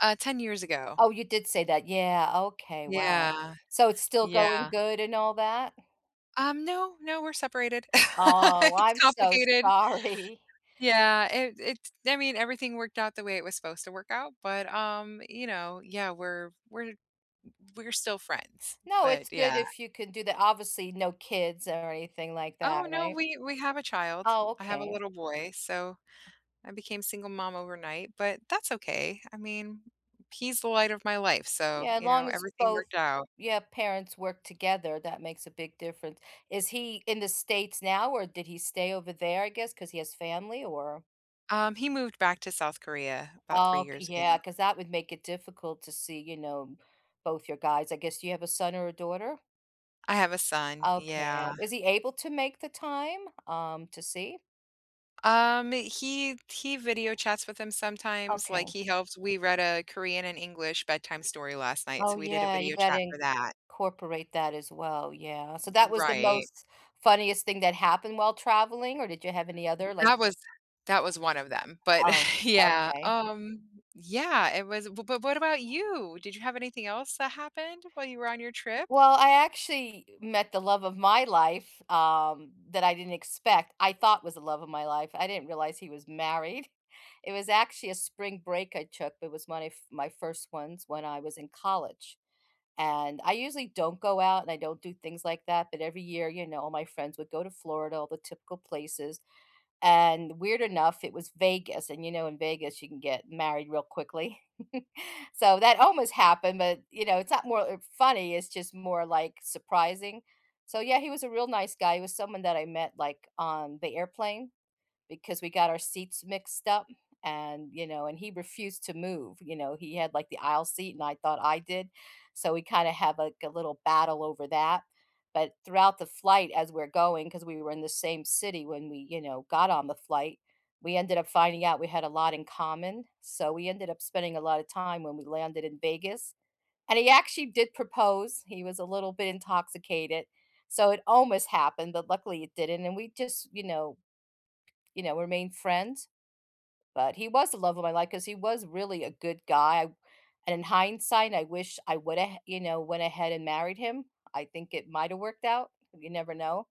Uh, 10 years ago. Oh, you did say that. Yeah. Okay. Wow! Yeah. So it's still going Yeah. good and all that? Um, no, no. We're separated. Oh, It's I'm so complicated. sorry. Yeah, it it's I mean, everything worked out the way it was supposed to work out but, um, you know Yeah, we're we're we're still friends, No, it's but good yeah. if you could do that. Obviously, no kids or anything like Oh, that, no, right? we we have a child. Oh, I have a okay. little boy, so I became single mom overnight, but that's okay, I mean, he's the light of my life, so, Yeah, as you know, long as everything both worked out. Yeah, parents work together, that makes a big difference. Is he in The States now or did he stay over there, I guess, 'cause he has family or Um, he moved back to South Korea about 3 Okay, years ago. yeah, 'cause that would make it difficult to see, you know, both you guys. I guess, do you have a son or a daughter? I have a son. Okay. Uh, Yeah. is he able to make the time, um, to see? Um, he he video chats with him sometimes, like, Okay. he helps We read a Korean and English bedtime story last night, Oh so we did a yeah, you video got chat to for that. incorporate that as well. Yeah. So that was the Right. most funniest thing that happened while traveling or did you have any other like That was That was one of them, but Oh, yeah, okay. um Yeah, it was, bu bu what about you? Did you have anything else that happened while you were on your trip? Well, I actually met the love of my life, um, that I didn't expect. I thought was the love of my life, I didn't realize he was married. It was actually a spring break I took, it was my f my first ones when I was in college, and I usually don't go out and I don't do things like that, but every year, you know, all my friends would go to Florida, all the typical places, and weird enough, it was Vegas, and, you know, in Vegas you can get married real quickly. So that almost happened but, you know, it's not more, uh, funny, it's just more, like, surprising. So yeah, he was a real nice guy, he was someone that I met, like, on the airplane, because we got our seats mixed up and, you know, and he refused to move, you know, he had, like, the aisle seat and I thought I did. So we kind of have, like, a little battle over that but throughout the flight as we're going- 'cause we were in the same city when we, you know, got on the flight- we ended up finding out we had a lot in common, so we ended up spending a lot of time when we landed in Vegas, and he actually did propose, he was a little bit intoxicated, so it almost happened but luckily it didn't and we just, you know you know, remained friends. But he was the love of my life 'cause he was really a good guy, and in hindsight I wish I went ahea you know, went ahead and married him. I think it might have worked out. You never know.